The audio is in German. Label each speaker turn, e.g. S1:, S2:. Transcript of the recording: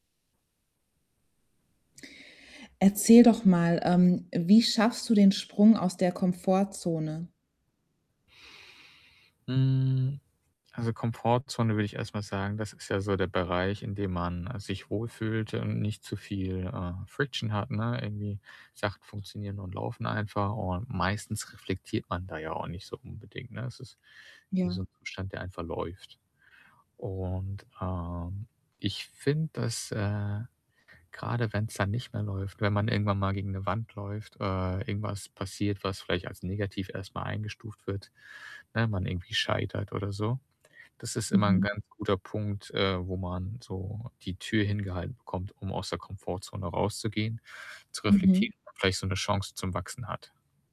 S1: Erzähl doch mal, ähm, wie schaffst du den Sprung aus der Komfortzone?
S2: Hm, also, Komfortzone würde ich erstmal sagen, das ist ja so der Bereich, in dem man, äh, sich wohl fühlt und nicht zu viel, äh, Friction hat, ne? Irgendwie Sachen funktionieren und laufen einfach, und meistens reflektiert man da ja auch nicht so unbedingt, ne? Es ist wie so
S1: Ja.
S2: 'n Umstand der einfach läuft. Und, ähm, ich finde, dass, äh, grade wenn's dann nicht mehr läuft, wenn man irgendwann mal gegen 'ne Wand läuft, äh, irgendwas passiert, was vielleicht als negativ erstmal eingestuft wird, ne, man irgendwie scheitert oder so, das ist immer 'n
S1: Mhm.
S2: ganz guter Punkt, äh, wo man so die Tür hingehalten bekommt, um aus der Komfortzone rauszugehen, zu
S1: Mhm.
S2: reflektieren, vielleicht so 'ne Chance zum Wachsen hat.